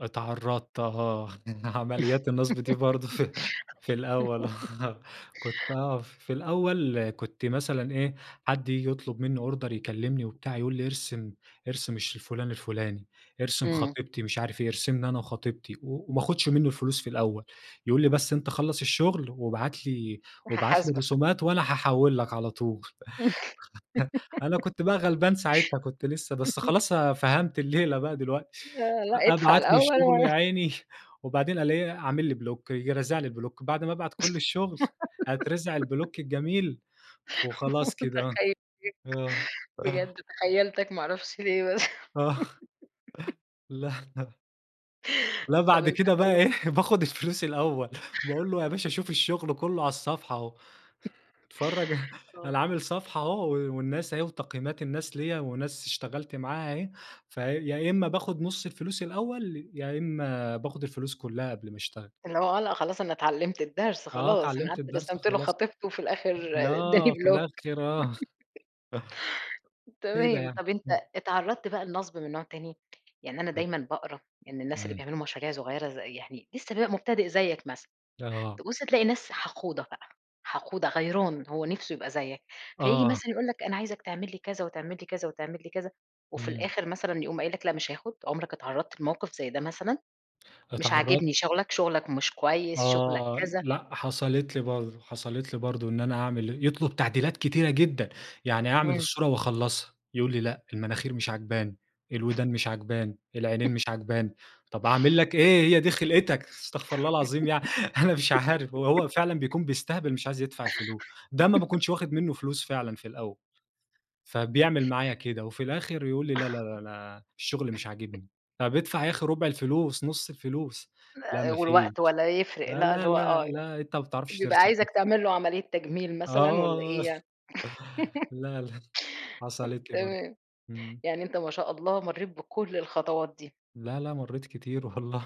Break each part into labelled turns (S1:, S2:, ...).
S1: اتعرضت آه عمليات النصب دي برضه في في الأول، آه كنت آه، في الأول كنت مثلًا إيه، حد ييجي يطلب مني أوردر يكلمني وبتاع يقول لي ارسم، ارسم الش فلان الفلاني، ارسم
S2: إمم.
S1: خطيبتي مش عارف إيه، ارسمنا أنا وخطيبتي وما اخدش منه الفلوس في الأول، يقول لي بس أنتَ خلص الشغل وابعتلي وابعتلي
S2: فهاحاسبك.
S1: الرسومات وأنا هاحول لك على طول أنا كنت بقى غلبان ساعتها كنت لسه، بس خلاص آآ، فهمت الليلة بقى دلوقتي.
S2: آه، لأ أدفع
S1: أبعت له
S2: الأول
S1: الشغل
S2: وأنا
S1: يا عيني وبعدين ا الاقيه عامل لي بلوك ييجي رازع لي بلوك بعد ما أبعت كل الشغل، أترزع البلوك الجميل وخلاص كده.
S2: متخيلة،
S1: آه، آه.
S2: بجد تخيلتَك ما اعرفش ليه بس
S1: آه. لأ لا
S2: طيب
S1: بعد
S2: أنت
S1: كده بقى
S2: أول
S1: إيه، باخذ الفلوس الأول، باقول له يا باشا شوف الشغل كله على الصفحة أهو اتفرج
S2: آه.
S1: أنا عامل صفحة أهو و والناس أهي وتقييمات الناس ليا وناس اشتغلت معاها أهي. فيا إما باخد نص الفلوس الأول، يا إما باخد الفلوس كلها قبل ما اشتغل.
S2: اللي هو آه، لأ خلاص أنا اتعلمت الدرس
S1: آه
S2: خلاص، أنا
S1: اتعلمت
S2: قعدت
S1: الدرس
S2: رسمتله
S1: خلاص،
S2: خطيبته في الآخر
S1: لا
S2: أداني
S1: في
S2: بلوك
S1: الآخر آه. كده
S2: تمام
S1: يعني،
S2: طب أنتَ
S1: إمم.
S2: اتعرضت بقى لنصب من نوع تاني، يعني أنا
S1: ال
S2: دايمًا باقرأ إن الناس اللي
S1: امم.
S2: بيعملوا مشاريع صغيرة ز يعني لسه بيبقى مبتدئ زيك مثلًا،
S1: آه.
S2: تبص تلاقي ناس حقودة بقى، حقودة غيران هو نفسه يبقى زيك، فييجي
S1: آه.
S2: مثلًا يقول لك أنا عايزك تعملي كذا وتعملي كذا وتعملي كذا وفي
S1: إمم.
S2: الآخر مثلًا يقوم قايل لك لأ مش هاخد. عمرك اتعرضت لموقف زي ده مثلًا؟ مش عاجبني
S1: اتعرضت
S2: شغلك، شغلك مش كويس، شغلك
S1: آه،
S2: كذا.
S1: لأ حصلت لي برضه، حصلت لي برضه إن أنا هاعمل يطلب تعديلات كتيرة جدًا، يعني اعمل
S2: إمم.
S1: الصورة واخلصها يقول لي: "لأ، المناخير مش عجباني، الودان مش عجباني، العينين مش عجباني" طب اعمل لك إيه! هي دي خلقتَك استغفر الله العظيم يعني أنا مش عارف ه هو فعلًا بيكون بيستهبل مش عايز يدفع الفلوس، ده ما باكونش واخد منه فلوس فعلًا في الأول، فبيعمل معايا كده وفي الآخر يقول لي لا، لا، لا، أنا الشغل مش عاجبني. طب ادفع يا أخي ربع الفلوس، نص الفلوس، لأ
S2: [unintelligible]
S1: ما
S2: والوقت
S1: فيش.
S2: ولا يفرق
S1: لا،
S2: لأ، اللي
S1: لا،
S2: هو
S1: لا،
S2: آه.
S1: لا أنت ما بتعرفش
S2: بيبقى
S1: ترسم أصلًا.
S2: عايزك تعمله عملية تجميل مثلًا والّا
S1: آه،
S2: إيه يعني
S1: لا لأ حصلت لي برضه
S2: تمام
S1: امم.
S2: يعني أنتَ ما شاء الله مريت بكل الخطوات دي.
S1: لا، لا مريت كتير والله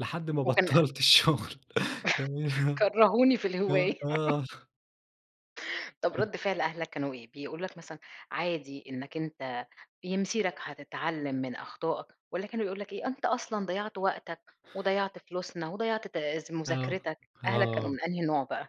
S1: لحد ما
S2: وكان
S1: بطلت الشغل
S2: كرهوني في
S1: [unintelligible] آه،
S2: الهواية.
S1: آه.
S2: طب
S1: [unintelligible]
S2: رد فعل أهلك كانوا إيه، بيقولوا لك مثلًا عادي إنك أنتَ بي مسيرك هتتعلم من أخطائك والّا كانوا بيقولوا لك إيه: "أنتَ أصلًا ضيعت وقتك وضيعت فلوسنا وضيعت تا
S1: آه،
S2: مذاكرتك." أهلك كانوا
S1: آه.
S2: من أي نوع بقى؟